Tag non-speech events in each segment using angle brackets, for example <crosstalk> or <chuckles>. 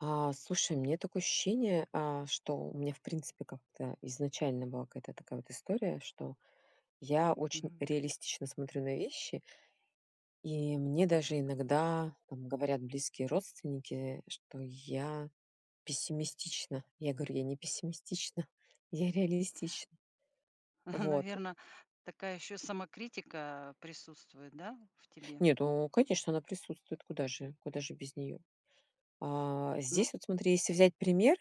А, слушай, у меня такое ощущение, а, что у меня в принципе как-то изначально была какая-то такая вот история, что я очень Мгм. реалистично смотрю на вещи. И мне даже Так. иногда там говорят близкие родственники, что я пессимистична. Я говорю: "Я не пессимистична, я реалистич" Мгм, Вот. наверно, такая ещё самокритика присутствует, да, в тебе? Нет, ну конечно, она присутствует. Куда же куда же без неё? А Ну. здесь вот смотри, если взять пример,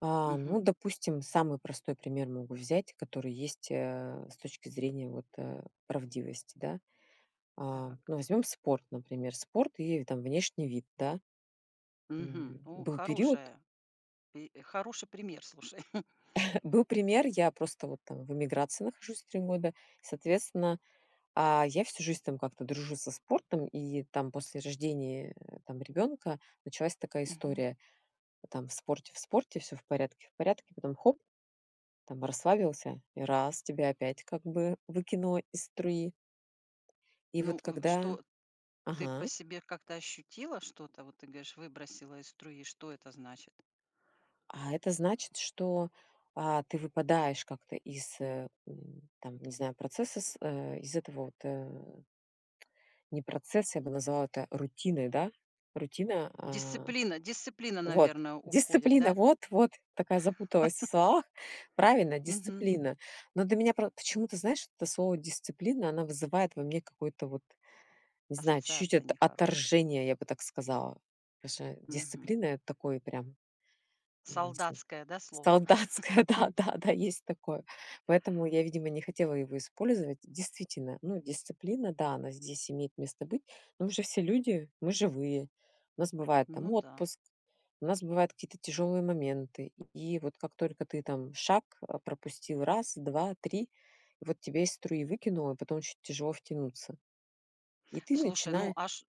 а, ну, Мгм. допустим, самый простой пример могу взять, который есть, э, с точки зрения вот, э, правдивости, да? А, Так. ну возьмём спорт, например. Спорт и там внешний вид, да? Мгм. М, Ну, был период хорошая пи хороший пример, слушай. <chuckles> Был пример, я просто вот там в эмиграции нахожусь, 3 года. Соответственно, а, я всю жизнь там как-то дружу со спортом, и там после рождения там ребёнка началась такая Мгм. история: там в спорте в спорте, всё в порядке в порядке, потом хоп. Там расслабился, и раз тебя опять как бы выкинуло из струи. И Ну, вот у когда что ты по Ага. себе как-то ощутила что-то? Вот ты говоришь, выбросило из струи, что это значит? А это значит, что, а, ты выпадаешь как-то из, э, м, там не знаю, процесса с, э, из этого вот, э Не процесс. Я бы назвала это рутиной, да? Рутина, а Дисциплина дисциплина, Вот! наверное, уходит, Дисциплина. да? Вот, вот. Такая запуталась в <chuckles> словах. Правильно, Мгм. дисциплина. Но для меня про почему-то, знаешь, это слово "дисциплина", она вызывает во мне какое-то вот, не знаю, чуть-чуть Ассоциация от нехорошая. отторжение, я бы так сказала. Потому что Мгм. дисциплина- это такое прям, м, не cы Солдатское, да, слово? Солдатское, да-да-да. Есть такое. Поэтому я, видимо, не хотела его использовать. Действительно, ну, дисциплина, да, она здесь имеет место быть. Но мы же все люди. Мы живые. У нас бывает там Ну да. отпуск, у нас бывают какие-то тяжёлые моменты, и вот как только ты там шаг, а, пропустил 1, 2, 3, и вот тебя из струи выкинуло, и потом очень тяжело втянуться. И ты Слушай, ну, начинае а ш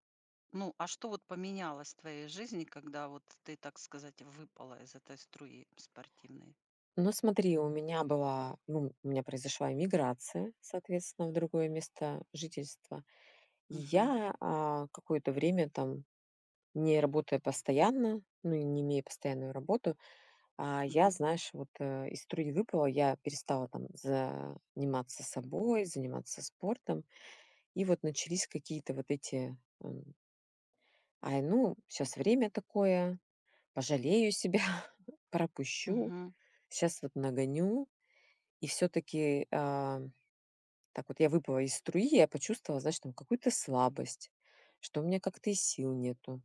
ну, а что вот поменялось в твоей жизни, когда вот ты, так сказать, выпала из этой струи спортивной? Ну смотри, у меня была ну, у меня произошла эмиграция, соответственно, в другое место жительства. И Мгм. я, а, какое-то время там, не работая постоянно, ну, и не имея постоянную работу, а, я, Мгм. знаешь вот, э, из струи выпала. Я перестала там заниматься собой, заниматься спортом. И вот начались какие-то вот эти, ам Ай, ну, щас время такое. Пожалею себя, <chuckles> пропущу, Мгм. щас вот нагоню. И всё-таки, а, так вот я выпала из струи, я почувствовала, знаешь, там какую-то слабость, что у меня как-то и сил нету.